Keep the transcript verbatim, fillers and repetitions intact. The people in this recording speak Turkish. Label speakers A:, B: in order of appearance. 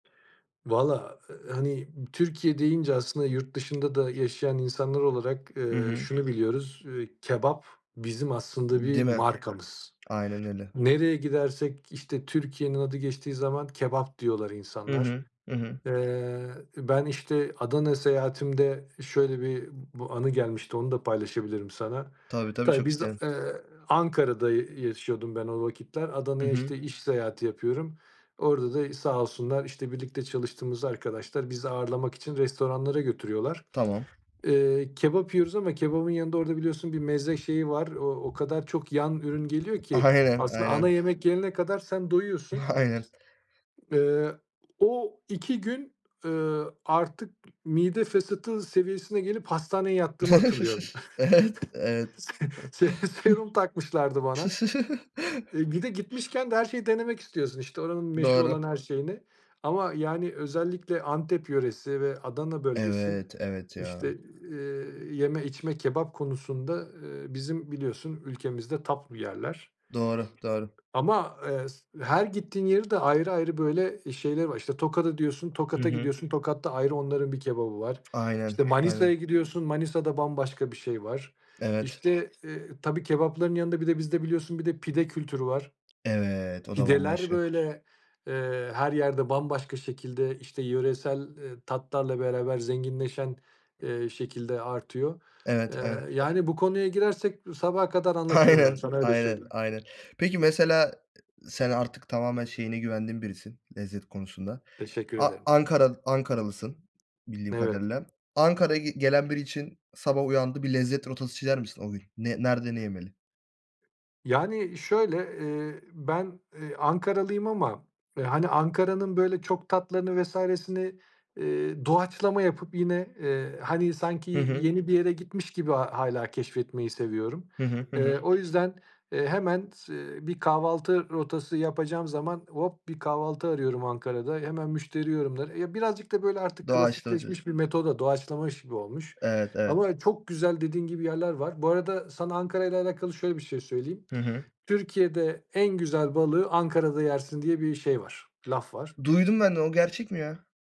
A: Valla, hani, Türkiye deyince aslında yurt dışında da yaşayan insanlar olarak,
B: Hı
A: eee,
B: hı.
A: şunu biliyoruz, eee, kebap bizim aslında bir
B: Değil mi?
A: markamız.
B: Aynen öyle.
A: Nereye gidersek, işte, Türkiye'nin adı geçtiği zaman "kebap" diyorlar
B: Hı
A: insanlar.
B: hı. Hı hı.
A: Eee, ben, işte, Adana seyahatimde şöyle bir bu anı gelmişti, onu da paylaşabilirim sana.
B: Tabii, tabii.
A: Tabii,
B: Çok
A: biz a
B: isterim.
A: eee, Ankara'da y yaşıyordum ben o vakitler.
B: Hı
A: Adana'ya,
B: hı.
A: işte, iş seyahati yapıyorum. Orada da sağ olsunlar, işte, birlikte çalıştığımız arkadaşlar bizi ağırlamak için restoranlara götürüyorlar,
B: Tamam.
A: eee, kebap yiyoruz ama kebabın yanında orada biliyorsun bir meze şeyi var. O o kadar çok yan ürün geliyor ki
B: Aynen,
A: aslında ana
B: aynen.
A: yemek gelene kadar sen doyuyorsun.
B: Aynen.
A: Eee, o iki gün, ııı, artık mide fesatı seviyesine gelip hastaneye yattığımı hatırlıyorum.
B: Evet, evet.
A: Se se serum takmışlardı bana. Eee, bir de gitmişken de her şeyi denemek istiyorsun, işte, oranın meşhur
B: Doğru.
A: olan her şeyini ama, yani, özellikle Antep yöresi ve Adana bölgesi,
B: Evet, evet
A: işte,
B: ya.
A: eee, yeme, içme, kebap konusunda, eee, bizim biliyorsun ülkemizde top bir yerler.
B: Doğru, doğru.
A: Ama, eee, s her gittiğin yeri de ayrı ayrı, böyle, eee, şeyleri var. İşte, Tokat'ı diyorsun
B: Hı
A: Tokat'a
B: hı.
A: gidiyorsun Tokat'ta ayrı onların bir kebabı var.
B: Aynen,
A: İşte,
B: aynen.
A: Manisa'ya gidiyorsun Manisa'da bambaşka bir şey var.
B: Evet.
A: İşte, eee, tabii kebapların yanında bir de bizde biliyorsun bir de pide kültürü var.
B: Evet, o da
A: Pideler,
B: bambaşka.
A: böyle, eee, her yerde bambaşka şekilde, işte, yöresel, eee, tatlarla beraber zenginleşen, eee, şekilde artıyor. Eee,
B: Evet, ev
A: yani, bu konuya girersek sabaha kadar anlatırım ben
B: Aynen,
A: sana öyle
B: aynen,
A: söyleyeyim.
B: aynen. Peki, mesela sen artık tamamen şeyine güvendiğim birisin lezzet konusunda.
A: Teşekkür
B: A
A: ederim.
B: Ankaral Ankaralısın bildiğim
A: Evet.
B: kadarıyla. Ankara'ya gi gelen biri için sabah uyandı, bir lezzet rotası çizer misin o gün ne nerede, ne yemeli?
A: Yani, şöyle, eee, ben, eee, Ankaralıyım ama, eee, hani, Ankara'nın, böyle, çok tatlarını vs.'ni, eee, doğaçlama yapıp yine, eee, hani, sanki
B: Hı hı.
A: yeni bir yere gitmiş gibi hâ hâlâ keşfetmeyi seviyorum.
B: Hı hı. Hı
A: Eee,
B: hı.
A: o yüzden, eee, hemen eee, bir kahvaltı rotası yapacağım zaman hop bir kahvaltı arıyorum Ankara'da. Hemen müşteri yorumları. E, birazcık da, böyle, artık
B: Doğaçlarız diyorsun.
A: klasikleşmiş bir metoda doğaçlamış gibi olmuş.
B: Evet, evet.
A: Ama çok güzel dediğin gibi yerler var. Bu arada sana Ankara'yla alakalı şöyle bir şey söyleyeyim.
B: Hı hı.
A: "Türkiye'de en güzel balığı Ankara'da yersin." diye bir şey var, laf var.
B: Duydum ben de. O gerçek mi ya?